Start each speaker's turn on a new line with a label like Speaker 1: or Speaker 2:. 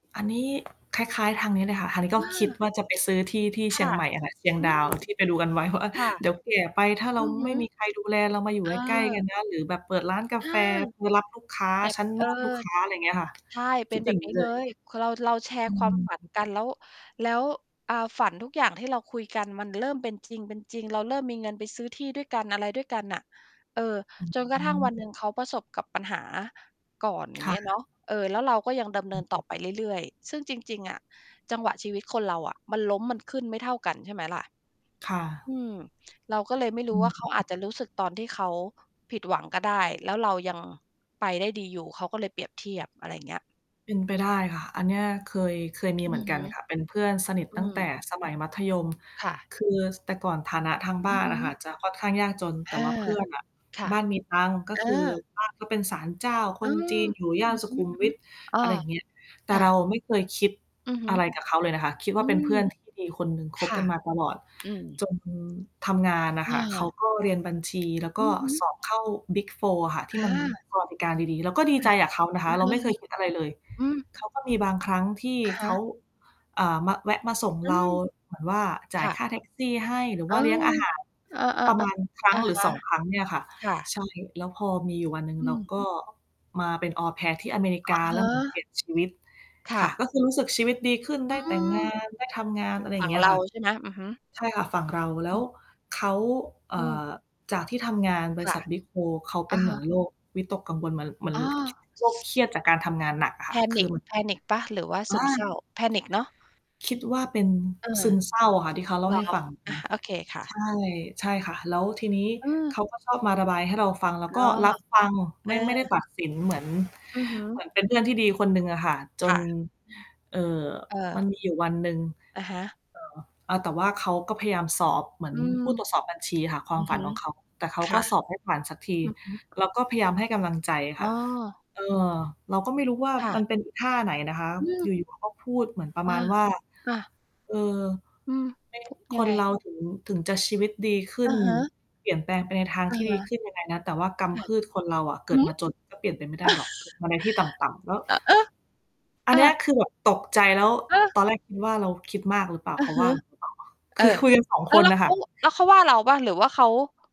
Speaker 1: อันนี้ คล้าย ๆ ทางนี้เลยค่ะ ทางนี้ก
Speaker 2: อ
Speaker 1: ็คิด
Speaker 2: า
Speaker 1: ว่าจะไปซื้อที่ที่
Speaker 2: ค
Speaker 1: เชี
Speaker 2: ่
Speaker 1: ย
Speaker 2: ะ
Speaker 1: งใหม่อะค่ะ เชียง
Speaker 2: อื
Speaker 1: ดา
Speaker 2: ม
Speaker 1: ว ที่ไปดูกัน ไว้ว่า
Speaker 2: ค่ะ
Speaker 1: เดี๋ยวแก่ไปถ้า
Speaker 2: อ
Speaker 1: เร
Speaker 2: ื
Speaker 1: า
Speaker 2: อฮ
Speaker 1: ไ
Speaker 2: ึ
Speaker 1: ม่มีใครดูแลเรามาอยู
Speaker 2: เ
Speaker 1: ่
Speaker 2: อ
Speaker 1: ใกล้ ๆ กั
Speaker 2: อ
Speaker 1: นนะ หรือแบบเปิดร้านกา
Speaker 2: เออ
Speaker 1: แฟ เธอรับลูกค้า
Speaker 2: แต่
Speaker 1: ฉัน
Speaker 2: เ
Speaker 1: น
Speaker 2: ออ
Speaker 1: วดลูกค้า อะไรเงี้ยค่ะ
Speaker 2: ใช่ เป
Speaker 1: ค
Speaker 2: ็
Speaker 1: ิ
Speaker 2: น
Speaker 1: ด
Speaker 2: แบ
Speaker 1: อย่า
Speaker 2: บ
Speaker 1: ง
Speaker 2: น
Speaker 1: นี
Speaker 2: ี้
Speaker 1: ้เ
Speaker 2: เ
Speaker 1: ล
Speaker 2: ล
Speaker 1: ย
Speaker 2: ย คือเรา เราแชร
Speaker 1: อ
Speaker 2: ์
Speaker 1: ื
Speaker 2: ความฝัน
Speaker 1: ม
Speaker 2: กัน แล้ว แล้ว อ่า ฝันทุกอย่างที่เรา คุยกัน มันเริ่มเป็นจริง เป็นจริง เราเริ่มมีเงินไปซื้อที่ด้วยกัน อะไรด้วยกันน่ะ เอ่อ
Speaker 1: อ
Speaker 2: จนก
Speaker 1: อ
Speaker 2: ระ
Speaker 1: ๋
Speaker 2: ทั่ง วันหน
Speaker 1: อ
Speaker 2: ึ่ง เขาประสบกับปัญหาก่อน อย่า
Speaker 1: ค
Speaker 2: งเ
Speaker 1: ่
Speaker 2: งี้ยเ
Speaker 1: ะ
Speaker 2: นาะ เอ่อ แล้วเราก็ยังดำเน
Speaker 1: อ
Speaker 2: ิ
Speaker 1: ื
Speaker 2: น
Speaker 1: อฮ
Speaker 2: ต่อ
Speaker 1: ึ
Speaker 2: ไปเรื่อย ๆ ซึ่งจริง ๆ อะจังหวะชีวิตคนเราอะมันล้ม มันขึ้น ไม่เท่ากัน ใช่ไหมล่ะ
Speaker 1: ค่
Speaker 2: อื
Speaker 1: ะ
Speaker 2: ม เราก็เลยไม่ร
Speaker 1: อ
Speaker 2: ู
Speaker 1: ื
Speaker 2: ้ว่
Speaker 1: ม
Speaker 2: าเ
Speaker 1: อ
Speaker 2: ข
Speaker 1: ื
Speaker 2: า
Speaker 1: อฮ
Speaker 2: อ
Speaker 1: ึ
Speaker 2: าจจะรู้สึกตอนที่เขาผิดหวังก็ได้ แล้วเรายังไปได้ดีอยู่ เขาก็เลยเปรียบเทียบ อะไรอย่างเงี้ย
Speaker 1: เป็นไปได้ค่ะ อันเนี้ยเคย เคยมี
Speaker 2: อ
Speaker 1: เ
Speaker 2: ื
Speaker 1: หมื
Speaker 2: อ
Speaker 1: อนก
Speaker 2: ฮ
Speaker 1: ัน
Speaker 2: ึ
Speaker 1: ค่ะ เป็นเพื่อนสนิท
Speaker 2: อื
Speaker 1: ตั้งแต
Speaker 2: ม
Speaker 1: ่สมัยมัธยม
Speaker 2: ค่ะ
Speaker 1: คือ ส แต่ก่อนฐานะทางบ
Speaker 2: อ
Speaker 1: ้
Speaker 2: ื
Speaker 1: า
Speaker 2: อ
Speaker 1: น
Speaker 2: ฮ
Speaker 1: น่ะค่ะ
Speaker 2: ึ
Speaker 1: จะค่อนข้างยากจน แ
Speaker 2: อ
Speaker 1: ต่
Speaker 2: า
Speaker 1: ว่าเพื่อนน่ะ
Speaker 2: ค่ะ
Speaker 1: บ้านมีตังค์ ก
Speaker 2: เ
Speaker 1: ็
Speaker 2: ออ
Speaker 1: คือบ้านเขาเป็นศาลเจ้าค
Speaker 2: อื
Speaker 1: น
Speaker 2: ม
Speaker 1: จีน อยู่ย่
Speaker 2: อื
Speaker 1: าน
Speaker 2: อ
Speaker 1: สุ
Speaker 2: ฮึ
Speaker 1: ขุมวิท
Speaker 2: ๆ อ้อ
Speaker 1: อะไรอย่างเงี้ย แต่
Speaker 2: ค่
Speaker 1: เรา
Speaker 2: ะ
Speaker 1: ไม่เคยคิด
Speaker 2: อือฮ
Speaker 1: อ
Speaker 2: ึ
Speaker 1: ะไรกับเขาเลยนะคะ คิดว
Speaker 2: อ
Speaker 1: ่
Speaker 2: ื
Speaker 1: าเป็น
Speaker 2: ม
Speaker 1: เพื่อนที่ดีคนหนึ่ง ค
Speaker 2: ค
Speaker 1: บ
Speaker 2: ่
Speaker 1: ก
Speaker 2: ะ
Speaker 1: ันมาตลอด
Speaker 2: อืม
Speaker 1: จนทำงานน่ะค่
Speaker 2: อ
Speaker 1: ะ เขา
Speaker 2: า
Speaker 1: ก็เรียนบัญชี แล้วก
Speaker 2: อื
Speaker 1: ็
Speaker 2: อฮ
Speaker 1: ส
Speaker 2: ึ
Speaker 1: อบเข้า Big Four อะค่ะ ที่
Speaker 2: อ
Speaker 1: มัน
Speaker 2: า
Speaker 1: สวัสดิการดี ๆ เราก็ดี
Speaker 2: ค
Speaker 1: ใจ
Speaker 2: ่ะ
Speaker 1: กับเขานะค
Speaker 2: อ
Speaker 1: ะ
Speaker 2: ือ
Speaker 1: เร
Speaker 2: ฮ
Speaker 1: า
Speaker 2: ึ
Speaker 1: ไม่เคยคิดอะไรเลย
Speaker 2: อืม
Speaker 1: เขาก็มีบางครั้งที่
Speaker 2: อะฮ
Speaker 1: เขา
Speaker 2: ะ
Speaker 1: เอ่อ มา แวะมาส่ง
Speaker 2: อื
Speaker 1: เรา
Speaker 2: ม
Speaker 1: เหมือนว่าจ่
Speaker 2: ค
Speaker 1: าย
Speaker 2: ่
Speaker 1: ค
Speaker 2: ะ
Speaker 1: ่าแท็กซี่ให้ หรือ
Speaker 2: เ
Speaker 1: ว
Speaker 2: อ
Speaker 1: ่
Speaker 2: อ
Speaker 1: าเลี้ยงอาหาร
Speaker 2: เอ
Speaker 1: ประม
Speaker 2: อ
Speaker 1: าณ
Speaker 2: ๆ
Speaker 1: ครั
Speaker 2: ๆ
Speaker 1: ้
Speaker 2: อ
Speaker 1: ง
Speaker 2: ะ
Speaker 1: หรือ
Speaker 2: ฮ
Speaker 1: ส
Speaker 2: ะ
Speaker 1: อง ครั้งเนี่ยค่ะ
Speaker 2: ค่
Speaker 1: ใช
Speaker 2: ะ
Speaker 1: ่ แล้วพอมีอยู่วันหนึ่ง
Speaker 2: อื
Speaker 1: เรา
Speaker 2: ม
Speaker 1: ก็มาเป็น Au Pair ที่อเมริก
Speaker 2: อะ
Speaker 1: า
Speaker 2: ฮ
Speaker 1: แล้วเหมือนเปลี่
Speaker 2: ะ
Speaker 1: ยนชีวิต
Speaker 2: ค่
Speaker 1: ค่ะ
Speaker 2: ะ
Speaker 1: ก็คือรู้สึกชีวิตดีขึ้น ไ
Speaker 2: อ
Speaker 1: ด
Speaker 2: ื
Speaker 1: ้แต่งงา
Speaker 2: ม
Speaker 1: น ได้ทำงาน อะไรอย
Speaker 2: ฝ
Speaker 1: ่
Speaker 2: ั
Speaker 1: าง
Speaker 2: ่ง
Speaker 1: เงี้ย
Speaker 2: เร
Speaker 1: ค
Speaker 2: า
Speaker 1: ่ะ
Speaker 2: ใช่ไหม? อือฮึ
Speaker 1: ใช่ค่ะ ฝั่งเรา แล
Speaker 2: อ
Speaker 1: ้ว
Speaker 2: ืม
Speaker 1: เขา เอ
Speaker 2: อื
Speaker 1: ่
Speaker 2: ม
Speaker 1: อ จากที่ทำงานบ
Speaker 2: ค
Speaker 1: ริ
Speaker 2: ่
Speaker 1: ษ
Speaker 2: ะ
Speaker 1: ัท Big Four เขาเป
Speaker 2: อ
Speaker 1: ็
Speaker 2: ะ
Speaker 1: นเห
Speaker 2: ฮ
Speaker 1: มื
Speaker 2: ะ
Speaker 1: อนโลกวิตกกังวลมัน ล มัน
Speaker 2: อ้
Speaker 1: ล
Speaker 2: อ
Speaker 1: โรคเครียดจากการทำงานหนักอะค่ะ คือ
Speaker 2: panic
Speaker 1: มัน
Speaker 2: panic เปล่า? หรือว่า
Speaker 1: อ
Speaker 2: ซึมเศ
Speaker 1: า
Speaker 2: ร้า? panic เนาะ?
Speaker 1: คิดว่าเป็น
Speaker 2: เออ
Speaker 1: ซึมเศร้าอะค่ะ ที่เขาเล่
Speaker 2: เ
Speaker 1: า
Speaker 2: หรอ
Speaker 1: ให้ฟังอะ
Speaker 2: อ
Speaker 1: น
Speaker 2: ะ
Speaker 1: ะ
Speaker 2: โอเคค่ะ
Speaker 1: ใช่ ใช่ค่ะ แล้วทีนี้
Speaker 2: เออ
Speaker 1: เขาก็ชอบมาระบายให้เราฟัง เรา
Speaker 2: อ
Speaker 1: ก
Speaker 2: ๋
Speaker 1: ็
Speaker 2: อ
Speaker 1: รับฟัง
Speaker 2: เ
Speaker 1: ไ
Speaker 2: อ
Speaker 1: ม่ ไม่ได้ต
Speaker 2: อ
Speaker 1: ัดสินเหมือน
Speaker 2: อือฮึ
Speaker 1: เหมือนเป็นเพื่อนที่ดีคนหนึ่งอะค่ะ จ
Speaker 2: ค่
Speaker 1: น
Speaker 2: ะ
Speaker 1: เอ่อ มั
Speaker 2: เออ
Speaker 1: นมีอยู่วันหนึ่ง
Speaker 2: อะฮะ
Speaker 1: เอ่อ อ่า แต่ว่าเขาก็พยายามสอบเหมือ
Speaker 2: อื
Speaker 1: น
Speaker 2: ม
Speaker 1: ผู้ตรวจสอบบัญชีอะค่ะ คว
Speaker 2: อ
Speaker 1: า
Speaker 2: ื
Speaker 1: ม
Speaker 2: อ
Speaker 1: ฝ
Speaker 2: ฮ
Speaker 1: ัน
Speaker 2: ึ
Speaker 1: ของเขา แต่เขา
Speaker 2: ค
Speaker 1: ก
Speaker 2: ่
Speaker 1: ็
Speaker 2: ะ
Speaker 1: สอบไม่ผ่านสักที
Speaker 2: อือฮึ
Speaker 1: เราก็พยายามให้กำลังใจ
Speaker 2: อ
Speaker 1: ค
Speaker 2: ๋
Speaker 1: ่ะ
Speaker 2: อ
Speaker 1: เออ เราก็ไม่รู้ว่า
Speaker 2: ค่
Speaker 1: มั
Speaker 2: ะ
Speaker 1: นเป็นอีท่าไหนนะคะ
Speaker 2: อื
Speaker 1: อย
Speaker 2: ม
Speaker 1: ู่ ๆ เขาก็พูดเหมือนประ
Speaker 2: อา
Speaker 1: มาณว่า
Speaker 2: ค่ะ
Speaker 1: เอ่อ
Speaker 2: อืม
Speaker 1: "แม่
Speaker 2: พ
Speaker 1: ง
Speaker 2: ุ ย
Speaker 1: ค
Speaker 2: ังไ
Speaker 1: น
Speaker 2: ง?
Speaker 1: เราถึง ถึงจะชีวิตดีขึ
Speaker 2: อ
Speaker 1: ้
Speaker 2: ื
Speaker 1: น
Speaker 2: อฮึ
Speaker 1: เปลี่ยนแปลงไปในทาง
Speaker 2: อ
Speaker 1: ท
Speaker 2: ะ
Speaker 1: ี่
Speaker 2: ฮ
Speaker 1: ดีข
Speaker 2: ะ
Speaker 1: ึ้นยังไงนะ แต่ว่าก
Speaker 2: ค่
Speaker 1: ำพ
Speaker 2: ะ
Speaker 1: ืดคนเราอะเก
Speaker 2: ห
Speaker 1: ิด
Speaker 2: ื
Speaker 1: ม
Speaker 2: อ!
Speaker 1: าจนก็เปลี่ยนไปไม่ได้หรอก เกิดมาในที่ต่ำ ๆ" แล้ว
Speaker 2: อ เออ
Speaker 1: อัน
Speaker 2: อ
Speaker 1: เนี้ย
Speaker 2: า
Speaker 1: คือแบบตกใจ แล้ว
Speaker 2: ฮะ!
Speaker 1: ตอนแรกคิดว่าเราคิดมากหรือเปล่า?
Speaker 2: อื
Speaker 1: เข
Speaker 2: อ
Speaker 1: า
Speaker 2: ฮ
Speaker 1: ว
Speaker 2: ึ
Speaker 1: ่า หรือเปล่าวะ?
Speaker 2: เ
Speaker 1: ค
Speaker 2: ออ
Speaker 1: ือคุยกัน 2
Speaker 2: แล้
Speaker 1: ค
Speaker 2: ว แ
Speaker 1: น
Speaker 2: ล้ว
Speaker 1: น่ะ
Speaker 2: เข
Speaker 1: ค่
Speaker 2: า
Speaker 1: ะ
Speaker 2: แล้วเขาว่าเราเปล่า? หรือว่าเขา